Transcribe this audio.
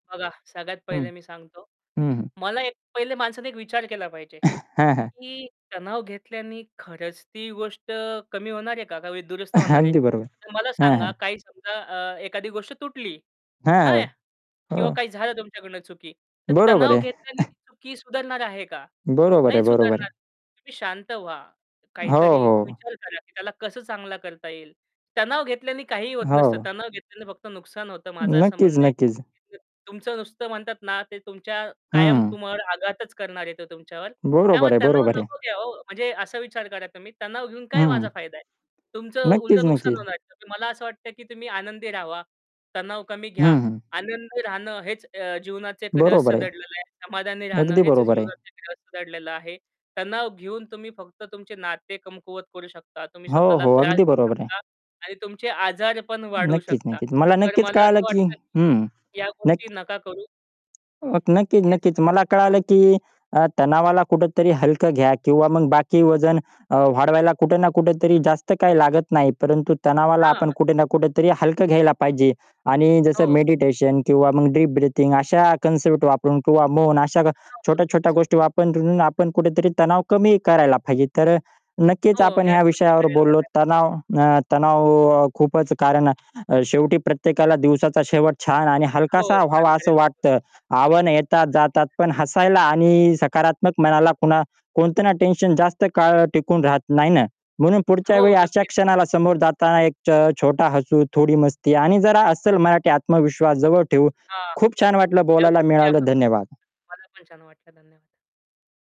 बघा सगळ्यात हं. पहिले मी सांगतो. हं, हं. मला एक पहिले माणसाने एक विचार केला पाहिजे. हां, हां. की तणाव घेतल्याने खरंच ती गोष्ट कमी होणारे का? का वी दुरुस्त होणार आहे? अगदी बरोबर, तर मला हां, सांगा हां. काही समजा अ, एखादी गोष्ट तुटली, हां. हां? किंवा हो. काही झालं तुमच्याकडून चुकी, तर बरोबर तणाव आहे. घेतल्याने ती चुकी सुधारणार आहे का? बरोबर आहे. नाही बरोबर सुधारणार. आहे. तुम्ही शांत व्हा. हो, काहीतरी हो. विचार करा की त्याला कसं चांगलं करता येईल. तणाव घेतल्याने काहीही होत नसतं. हो. तणाव घेतल्याने फक्त नुकसान होतं, माझं असं नक्कीच, म्हणणं आहे. नक्कीच. [unintelligible] तुमचं नुसतं म्हणतात ना ते तुमच्या कायम हं. तुमच्यावर आघातच करणार आहे ते तुमच्यावर. बरोबर त्यामुळे आहे, तणाव बरोबर आहे. नको घ्या हो म्हणजे असा विचार करा तुम्ही तणाव घेऊन काय हं. माझा फायदा आहे? तुमचं नक्कीच, उलटं नुकसान नक्कीच. होणार आहे. तर मला असं वाटतं, की तुम्ही आनंदी राहावा. तणाव कमी हं, घ्या. हं. आनंदी राहणं हेच अ, जीवनाचं एक बरोबर रहस्य आहे. दडलेलं आहे. समाधानी राहणं अगदी हेच बरोबर आहे. जीवनाचं रहस्य दडलेलं आहे. तणाव घेऊन तुम्ही फक्त तुमचे नाते कमकुवत करू शकता, तुम्ही हो, स्वतःला हो. त्रास अगदी देऊ बरोबर आहे. शकता आणि तुमचे आजार पण वाढवू नक्कीच, शकता. नक्कीच. मला तर नक्कीच मला कळालं असं की वाटतं, हं, की या गोष्टी नक्की नका करू अ, नक्कीच, हेच नक्कीच. म्हणणं आहे. मला कळालं, की अ, तणावाला कुठेतरी हलकं घ्या किंवा मग बाकी वजन अ, वाढवायला कुठे ना कुठेतरी जास्त काही लागत नाही, परंतु तणावाला आपण हां. कुठे ना कुठेतरी हलकं घ्यायला पाहिजे. आणि जसं हो. मेडिटेशन किंवा मग डिप ब्रीथिंग अशा कन्सेप्ट वापरून किंवा मौन अशा हो, छोट्या-छोट्या नक्कीच. गोष्टी वापरून आपण कुठेतरी तणाव कमी करायला पाहिजे. तर अ, नक्कीच हो, आपण ह्याच ह्या गोष्टी विषयावर करायला बोललो. हव्या. तणाव अ, तणाव खूपच कारण शेवटी प्रत्येकाला दिवसाचा शेवट छान आणि हो. हलकासा छान व्हावा असं करायला वाटतं. आव्हान येतात, जातात नक्कीच. पण हसायला आणि सकारात्मक मनाला कुणा कोणतं ना टेन्शन जास्त काळ टिकून राहत नाही ना? म्हणून पुढच्या वेळी हो, अशा नक्कीच. क्षणाला समोर जाताना एक अ, छ छोटा हसू थोडी मस्ती आणि जरा अस्सल मराठी आत्मविश्वास जवळ ठेऊ. हां. खूप छान वाटलं, ह्या बोलायला गोष्टी आपण मिळालं, करू धन्यवाद. शकतो. मला पण छान वाटलं धन्यवाद.